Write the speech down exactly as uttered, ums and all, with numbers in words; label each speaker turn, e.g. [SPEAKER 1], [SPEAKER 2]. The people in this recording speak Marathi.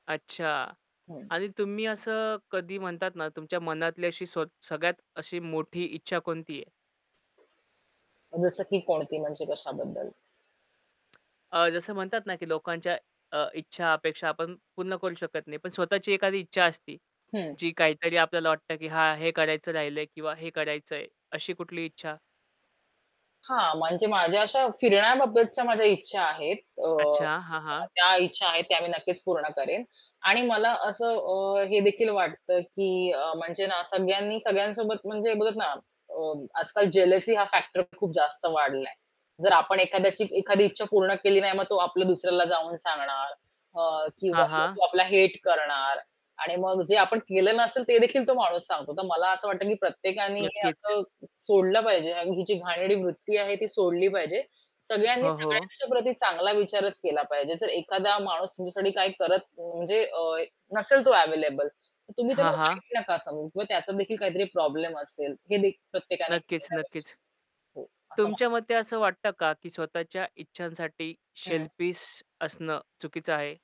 [SPEAKER 1] अच्छा
[SPEAKER 2] हं.
[SPEAKER 1] आणि तुम्ही असं कधी म्हणतात ना, तुमच्या मनातली अशी स्व सगळ्यात अशी मोठी इच्छा कोणती आहे?
[SPEAKER 2] जसं की कोणती म्हणजे कशाबद्दल?
[SPEAKER 1] अ, जसं म्हणतात ना, की लोकांच्या अ, इच्छा अपेक्षा आपण पूर्ण करू शकत नाही. पण स्वतःची एखादी इच्छा असती,
[SPEAKER 2] हं.
[SPEAKER 1] जी काहीतरी आपल्याला वाटतं की हां, हे करायचं राहिलंय किंवा हे करायचंय अशी कुठली इच्छा?
[SPEAKER 2] हां, म्हणजे माझ्या अशा फिरण्याबाबतच्या माझ्या इच्छा आहेत. अ,
[SPEAKER 1] अच्छा, हां, हां.
[SPEAKER 2] त्या इच्छा आहेत त्या मी नक्कीच पूर्ण करेन. आणि मला असं अ, हे देखील वाटतं की अ, म्हणजे ना, सगळ्यांनी सगळ्यांसोबत म्हणजे बघत ना, अ, आजकाल जेलसी हा फॅक्टर पण खूप जास्त वाढलाय. जर आपण एखाद्याशी एखादी इच्छा पूर्ण केली नाही मग तो आपल्या दुसऱ्याला जाऊन सांगणार अ, किंवा
[SPEAKER 1] हां,
[SPEAKER 2] [unintelligible]
[SPEAKER 1] हां.
[SPEAKER 2] तो आपला हेट करणार आणि मग जे आपण केलं नसेल ते देखील तो माणूस सांगतो. तर मला असं वाटतं की प्रत्येकानी हे
[SPEAKER 1] नक्कीच.
[SPEAKER 2] असं सोडलं पाहिजे आणि ही जी घाणेरडी वृत्ती आहे ती सोडली पाहिजे. सगळ्यांनी
[SPEAKER 1] हो, हो.
[SPEAKER 2] सगळ्यांच्या प्रती चांगला विचारच केला पाहिजे. जर एखादा माणूस तुमच्यासाठी काय करत म्हणजे अ, नसेल तो अवेलेबल, तर तुम्ही त्याला
[SPEAKER 1] हां, हां.
[SPEAKER 2] वाईट नका समजून किंवा त्याचा देखील काहीतरी प्रॉब्लेम असेल हे देखील प्रत्येकाने
[SPEAKER 1] नक्कीच,
[SPEAKER 2] केलं पाहिजे
[SPEAKER 1] नक्कीच.
[SPEAKER 2] हो, असं मला
[SPEAKER 1] तुमच्या
[SPEAKER 2] वाटतं.
[SPEAKER 1] मते असं वाटतं का की स्वतःच्या इच्छांसाठी
[SPEAKER 2] हं.
[SPEAKER 1] शेल्फिश असणं चुकीचं आहे?